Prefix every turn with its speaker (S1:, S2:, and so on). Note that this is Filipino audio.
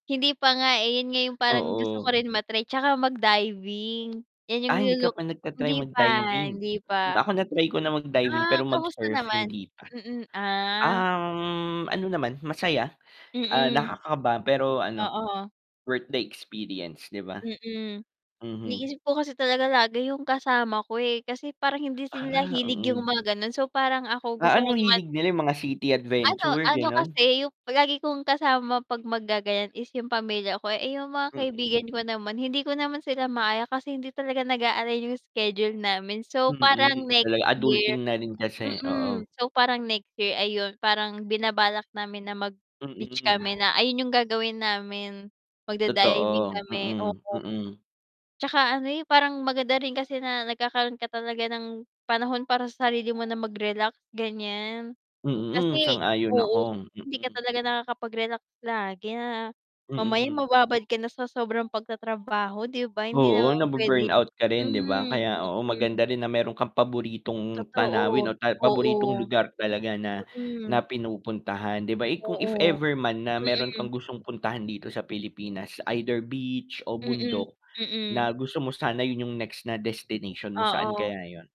S1: Hindi pa nga eh, yun nga yung parang gusto ko
S2: Oo.
S1: rin ma-try, tsaka mag diving, yan yung
S2: Ah, hindi ka
S1: nilu-look
S2: pa nagta-try
S1: hindi pa
S2: mag-diving.
S1: hindi pa.
S2: Ako na-try ko na mag-diving
S1: Ah,
S2: pero
S1: kamusta
S2: mag-surf
S1: naman?
S2: hindi pa.
S1: Mm, ah.
S2: Um, ano naman masaya, ah,
S1: Mm.
S2: nakakaba pero ano,
S1: Oo.
S2: worth the experience, di ba?
S1: Mm.
S2: Mhm.
S1: Iniisip ko kasi talaga lagi yung kasama ko eh, kasi parang hindi sila
S2: Ah,
S1: hilig yung
S2: mm.
S1: mga gano'n, so parang ako
S2: A
S1: gusto
S2: ano
S1: ko naman
S2: hilig nila yung mga city
S1: Ano
S2: adventure,
S1: ano
S2: gano'n?
S1: kasi yung lagi kong kasama 'pag maggagayan is yung pamilya ko, eh, yung mga
S2: Mm.
S1: kaibigan ko naman, hindi ko naman sila maaya kasi hindi talaga nag-a-align yung schedule namin, so
S2: Mm,
S1: parang next
S2: talaga,
S1: year,
S2: adulting na rin kasi, oo.
S1: mm, so parang next year, ayun parang binabalak namin na mag-beach
S2: Mm.
S1: kami na ayun yung gagawin namin, magda-diving
S2: Totoo,
S1: kami,
S2: mm,
S1: oo.
S2: mm.
S1: Tsaka ano eh, parang maganda rin kasi na nagkakaroon ka talaga ng panahon para sa sarili mo na mag-relax, ganyan.
S2: Mm, mm
S1: Kasi
S2: sang-ayon
S1: oo,
S2: ako,
S1: hindi ka
S2: mm.
S1: talaga nakakapag-relax lagi na mamaya
S2: Mm.
S1: mababad ka na sa sobrang pagtatrabaho di ba, hindi
S2: Oo,
S1: naman puwede,
S2: nabu-burnout ka rin di ba?
S1: hmm,
S2: Kaya, oo,
S1: mm.
S2: maganda rin na meron kang paboritong
S1: Totoo,
S2: tanawin o ta
S1: oo.
S2: paboritong lugar talaga na na
S1: Mm
S2: pinupuntahan di ba eh, kung if
S1: Oo.
S2: ever man na meron
S1: Mm.
S2: kang gustong puntahan dito sa Pilipinas, either beach o
S1: Mm,
S2: bundok na
S1: mm.
S2: gusto mo sana yun yung next na destination mo, saan
S1: Oo.
S2: kaya yun?